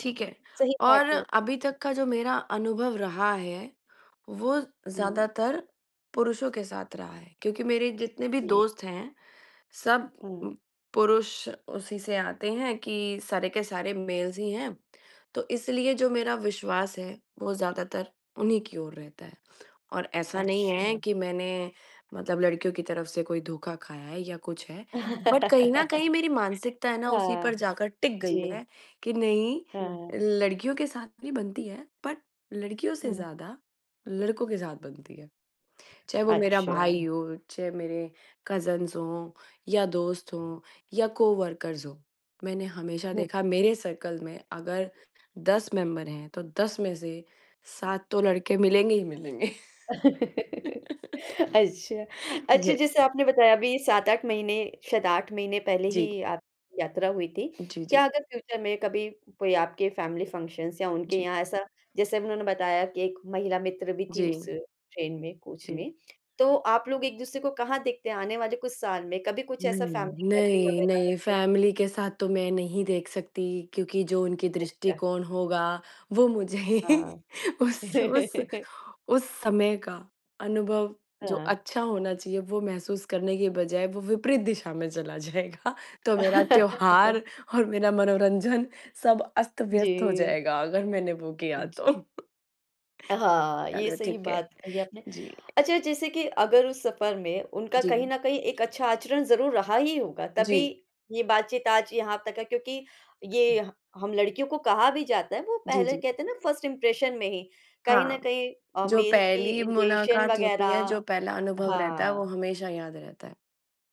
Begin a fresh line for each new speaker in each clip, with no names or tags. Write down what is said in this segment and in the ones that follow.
ठीक है,
सही बात
और
है।
अभी तक का जो मेरा अनुभव रहा है, वो
हुँ।
ज़्यादातर पुरुषों के साथ रहा है, क्योंकि मेरे जितने भी
जी।
दोस्त हैं, सब उ
हुँ।
पुरुष उसी से आते हैं कि सारे के सारे मेल्स ही हैं, तो इसलिए जो मेरा विश्वास है, वो ज़्यादातर उन्हीं की ओर रहता है। और ऐसा नहीं है,
अच्छा।
कि मैंने मतलब लड़कियों की तरफ से कोई धोखा खाया है या कुछ है बट कहीं न कहीं मेरी मानसिकता है ना उसी
हाँ।
पर जाकर टिक गई
जी।
है, कि नहीं
हाँ।
लड़कियों के साथ भी बनती है बट लड़कियों से
हुँ।
ज़्यादा लड़कों के साथ बनती है, चाहे वो मेरा
अच्छा।
भाई हो, चाहे मेरे कज़िन्स हों या दोस्त हों या को-वर्कर्स हों। मैंने हमेशा
हुँ।
देखा मेरे सर्कल में अगर 10 मेंबर हैं, तो 10 में से 7 तो लड़के मिलेंगे ही मिलेंगे।
अच्छा, अच्छा, जैसे
यस।
आपने बताया अभी 7-8 महीने शायद 8 महीने पहले
जी।
ही आपकी यात्रा हुई थी।
जी, जी।
क्या अगर फ्यूचर में कभी कोई आपके फैमिली फंक्शन्स या उनके
जी।
यहाँ ऐसा जैसे उन्होंने बताया कि 1 महिला मित्र भी थी उस
जी।
ट्रेन में, कोच
जी।
में, तो आप लोग एक-दूसरे को कहाँ देखते हैं आने वाले कुछ साल में, कभी कुछ ऐसा
नहीं,
फैमिली गैदरिंग
नहीं,
वग़ैरह
नहीं
करते?
फैमिली के साथ तो मैं नहीं देख सकती, क्योंकि जो उनके
अच्छा।
दृष्टिकोण होगा वो मुझे ही उस, उस,
हाँ।
उस समय का अनुभव जो
हाँ।
अच्छा होना चाहिए, वो महसूस करने के बजाय वो विपरीत दिशा में चला जाएगा। तो मेरा त्योहार और मेरा मनोरंजन सब अस्त-व्यस्त हो
जी।
जाएगा, अगर मैंने वो किया
जी।
तो।
अ, हाँ, ये
चलो
सही
ठीक है।
बात कही आपने।
जी।
अच्छा, जैसे कि अगर उस सफर में उनका कहीं
जी।
न कहीं एक अच्छा आचरण ज़रूर रहा ही होगा, तभी
जी।
ये बातचीत आज यहाँ तक है क्योंकि ये ह हम लड़कियों को कहा भी जाता है, वो
जी,
पहले
जी।
कहते हैं ना फर्स्ट इंप्रेशन में ही, कहीं न
हाँ,
कहीं अ,
जो
मेल की
पहली
इंटेंशन
मुलाकात होती
वग़ैरह
है, जो पहला अनुभव रहता है, वो
हाँ।
हमेशा याद रहता है।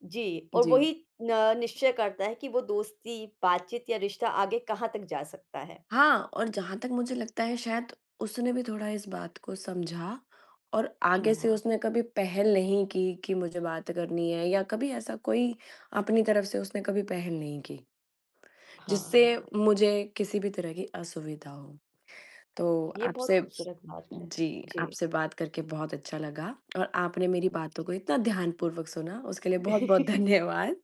जी और
जी।
वही न निश्चय करता है कि वो दोस्ती, बातचीत या रिश्ता आगे कहाँ तक जा सकता है।
हाँ और जहाँ तक मुझे लगता है शायद उसने भी थोड़ा इस बात को समझा और आगे से
हाँ।
उसने कभी पहल नहीं की, कि मुझे बात करनी है या कभी ऐसा कोई अपनी तरफ से उसने कभी पहल नहीं की। जिससे
हाँ।
मुझे किसी भी तरह की असुविधा हो, तो
ये बहुत
आपसे
खूबसूरत बात है।
जी,
जी।
आपसे बात करके बहुत अच्छा लगा और आपने मेरी बातों को इतना ध्यानपूर्वक सुना, उसके लिए बहुत-बहुत धन्यवाद।